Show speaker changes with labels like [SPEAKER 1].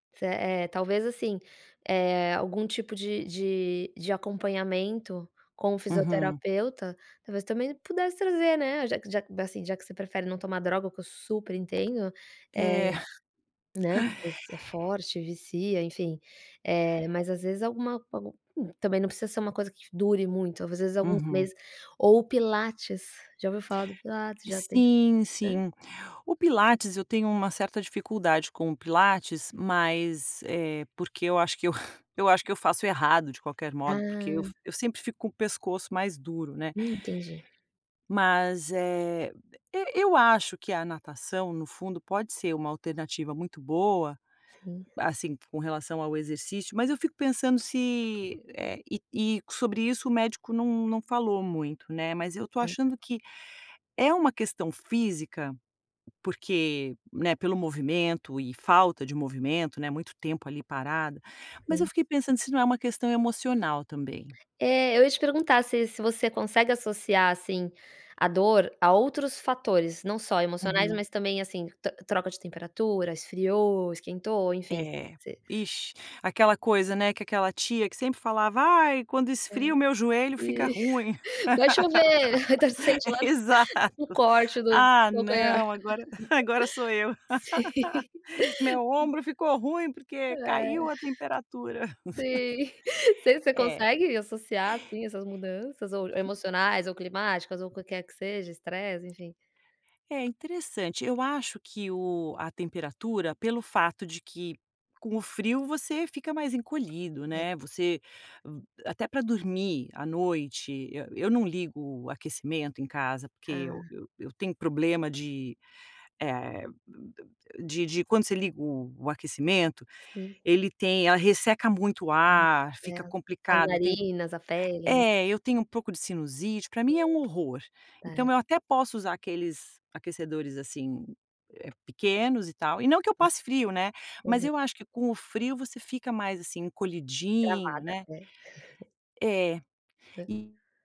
[SPEAKER 1] Se é talvez assim, eh, algum tipo de de de acompanhamento com o
[SPEAKER 2] Uhum.
[SPEAKER 1] fisioterapeuta, talvez também pudesse trazer, né, já que que assim, já que você prefere não tomar droga, o que eu super entendo, eh,
[SPEAKER 2] É.
[SPEAKER 1] né. Porque às vezes é forte, vicia, enfim, eh, mas às vezes alguma, algum não precisa ser uma coisa que dure muito, às vezes alguns
[SPEAKER 2] Uhum.
[SPEAKER 1] meses, ou o pilates, já ouviu falar do pilates? Já tenta,
[SPEAKER 2] Sim
[SPEAKER 1] né.
[SPEAKER 2] sim, o pilates eu tenho uma certa dificuldade com o pilates. Mas, eh, porque eu acho que eu eu acho que eu faço errado de qualquer modo, porque eu f
[SPEAKER 1] Ah.
[SPEAKER 2] eu sempre fico com o pescoço mais duro, né.
[SPEAKER 1] Hum, entendi.
[SPEAKER 2] Mas, eh, eu eu acho que a natação no fundo pode ser uma alternativa muito boa.
[SPEAKER 1] Sim.
[SPEAKER 2] Assim com relação ao exercício, mas eu fico pensando se, eh, e e sobre isso o médico não não falou muito, né, mas eu estou
[SPEAKER 1] É.
[SPEAKER 2] achando que é um questão física. Porque, né, pelo movimento e falta de movimento, né, muito tempo ali parada, mas eu
[SPEAKER 1] Sim.
[SPEAKER 2] fiquei pensando se não é uma questão emocional também.
[SPEAKER 1] É, eu ia te perguntar se se você consegue associar assim a dor a outros fatores, não só emocionais,
[SPEAKER 2] Uhum.
[SPEAKER 1] mas também assim, tro troca de temperatura, esfriou, esquentou, enfim,
[SPEAKER 2] É,
[SPEAKER 1] você
[SPEAKER 2] ixi, aquela coisa, né, que aquela tia que sempre falava: "Ai quando
[SPEAKER 1] É,
[SPEAKER 2] esfria o meu joelho fica
[SPEAKER 1] e.
[SPEAKER 2] ruim."
[SPEAKER 1] Vai chover, então sente lá um
[SPEAKER 2] Exato,
[SPEAKER 1] corte do
[SPEAKER 2] "Ah
[SPEAKER 1] do calcanhar.
[SPEAKER 2] não agora agora sou eu"
[SPEAKER 1] Sim.
[SPEAKER 2] meu ombro ficou ruim porque
[SPEAKER 1] É,
[SPEAKER 2] caiu a temperatura.
[SPEAKER 1] sim. você você
[SPEAKER 2] É.
[SPEAKER 1] consegue associar assim essas mudanças ou emocionais ou climáticas ou o qualquer que seja, estresse enfim.
[SPEAKER 2] É interessante eu acho que o a temperatura pelo fato de que com o frio você fica mais encolhido,
[SPEAKER 1] É.
[SPEAKER 2] né. Você até para dormir à noite, eu eu não ligo o aquecimento em casa porque, eu
[SPEAKER 1] Ah.
[SPEAKER 2] eu tenho problema de de, de quando você liga o o aquecimento,
[SPEAKER 1] Sim.
[SPEAKER 2] ele tem ela resseca muito o ar,
[SPEAKER 1] É,
[SPEAKER 2] fica
[SPEAKER 1] as
[SPEAKER 2] complicado, eu tenho
[SPEAKER 1] narinas, a pele, né.
[SPEAKER 2] é, eu tenho um pouco de sinusite, para mim é um horror.
[SPEAKER 1] Certo.
[SPEAKER 2] Então, eu até posso usar aqueles aquecedores assim, pequenos e tal, e não que eu passe frio, né, mas
[SPEAKER 1] Aham.
[SPEAKER 2] eu acho que com o frio você fica mais assim encolhidinho,
[SPEAKER 1] Travada,
[SPEAKER 2] né.
[SPEAKER 1] é.
[SPEAKER 2] É,
[SPEAKER 1] Hã.
[SPEAKER 2] e